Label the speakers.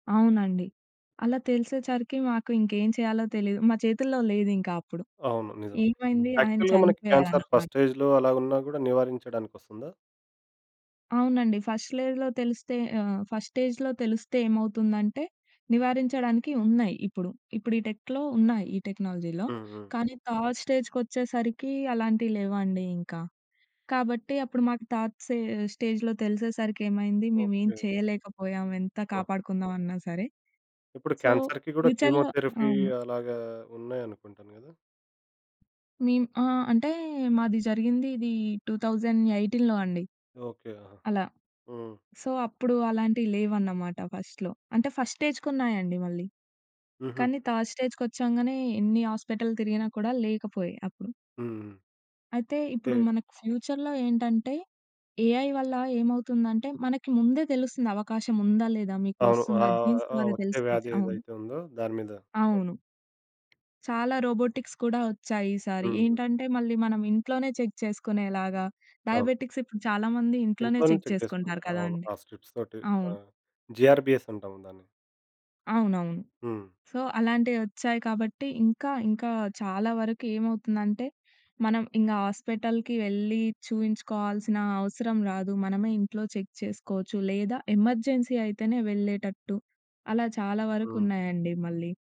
Speaker 1: అవునండి. అలా తెలిసేచరికి మాకు ఇంకేం చేయాలో తెలియదు. మా చేతుల్లో లేదు ఇంకా అప్పుడు.
Speaker 2: అవును. నిజం.
Speaker 1: ఏమైంది ఆయన
Speaker 2: యాక్చువల్‌గా మనకి క్యాన్సర్
Speaker 1: చనిపోయారనమాట.
Speaker 2: ఫస్ట్ స్టేజ్‌లో అలాగున్నా కూడా నివారించడానికొస్తుందా?
Speaker 1: అవునండి. ఫస్ట్ లెజ్‌లో తెలిస్తే ఆహ్, ఫస్ట్ స్టేజ్‌లో తెలిస్తే ఏమవుతుందంటే నివారించడానికి ఉన్నాయి ఇప్పుడు. ఇప్పుడు ఈ టెక్‌లో ఉన్నాయి, ఈ టెక్నాలజీలో.
Speaker 2: హుహు.
Speaker 1: కానీ థర్డ్ స్టేజ్‌‌కొచ్చేసరికి అలాంటివి లేవండి ఇంకా. కాబట్టి అప్పుడు మాకు థాట్ సే స్టేజ్‌లో తెలిసేసరికి ఏమైంది మేము ఏం
Speaker 2: ఓకే.
Speaker 1: చేయలేకపోయాం ఎంత
Speaker 2: ఆ!
Speaker 1: కాపాడుకుందాం అన్నా సరే.
Speaker 2: ఇప్పుడు
Speaker 1: సో
Speaker 2: క్యాన్సర్‌కి కూడా
Speaker 1: ఫ్యూచర్‌లో
Speaker 2: కీమోథెరపీ
Speaker 1: అవును.
Speaker 2: అలాగా ఉన్నాయనుకుంటాను కదా?
Speaker 1: నేను ఆ! అంటే మాది జరిగింది ఇది 2018లో అండి.
Speaker 2: ఓకే. ఆహా!
Speaker 1: అలా.
Speaker 2: హ్మ్.
Speaker 1: సో అప్పుడు అలాంటివి లేవన్నమాట ఫస్ట్‌లో. అంటే ఫస్ట్‌ స్టేజ్‌కున్నాయండి మళ్ళీ.
Speaker 2: హుహు.
Speaker 1: కానీ థర్డ్ స్టేజ్‌కొచ్చాంగానే ఎన్ని హాస్పిటల్ తిరిగినా కూడా లేకపోయే అప్పుడు.
Speaker 2: హ్మ్.
Speaker 1: అయితే ఇప్పుడు
Speaker 2: ఏ
Speaker 1: మనకు ఫ్యూచర్‌లో ఏంటంటే, ఏఐ వల్ల ఏమవుతుందంటే మనకి ముందే తెలుస్తుంది అవకాశం ఉందా? లేదా? మీకు
Speaker 2: అవును.
Speaker 1: వస్తుందా
Speaker 2: ఆహ్,
Speaker 1: జీన్స్
Speaker 2: ఆ
Speaker 1: ద్వారా
Speaker 2: వచ్చే
Speaker 1: తెలుసుకోవచ్చు.
Speaker 2: వ్యాధి
Speaker 1: అవును.
Speaker 2: ఏదైతే ఉందో దాని మీద. అవును.
Speaker 1: అవును. చాలా రోబోటిక్స్ కూడా వచ్చాయి ఈ సారి.
Speaker 2: ఉహూ!
Speaker 1: ఏంటంటే మళ్ళీ మనం ఇంట్లోనే చెక్ చేసుకునేలాగా
Speaker 2: అవును.
Speaker 1: డయాబెటిక్స్ ఇప్పుడు చాలా మంది ఇంట్లోనే
Speaker 2: ఇంట్లోనే
Speaker 1: చెక్
Speaker 2: చెక్ చేసుకుంటారు.
Speaker 1: చేసుకుంటారు
Speaker 2: ఆ! అవును.
Speaker 1: కదండీ.
Speaker 2: ఆ స్ట్రిప్స్ తోటి, ఆ!
Speaker 1: అవును.
Speaker 2: జీఆర్‌బీఎస్ అంటాము దాన్ని.
Speaker 1: అవునవును.
Speaker 2: హ్మ్.
Speaker 1: సో అలాంటివొచ్చాయి కాబట్టి ఇంకా ఇంకా చాలా వరకు ఏమవుతుందంటే, మనం ఇంగా హాస్పిటల్‌కి వెళ్ళి, చూయించుకోవాల్సిన అవసరం రాదు. మనమే ఇంట్లో చెక్ చేసుకోవచ్చు లేదా ఎమర్జెన్సీ అయితేనే వెళ్ళేటట్టు. అలా చాలా
Speaker 2: హ్మ్.
Speaker 1: వరకున్నాయండి మళ్ళీ.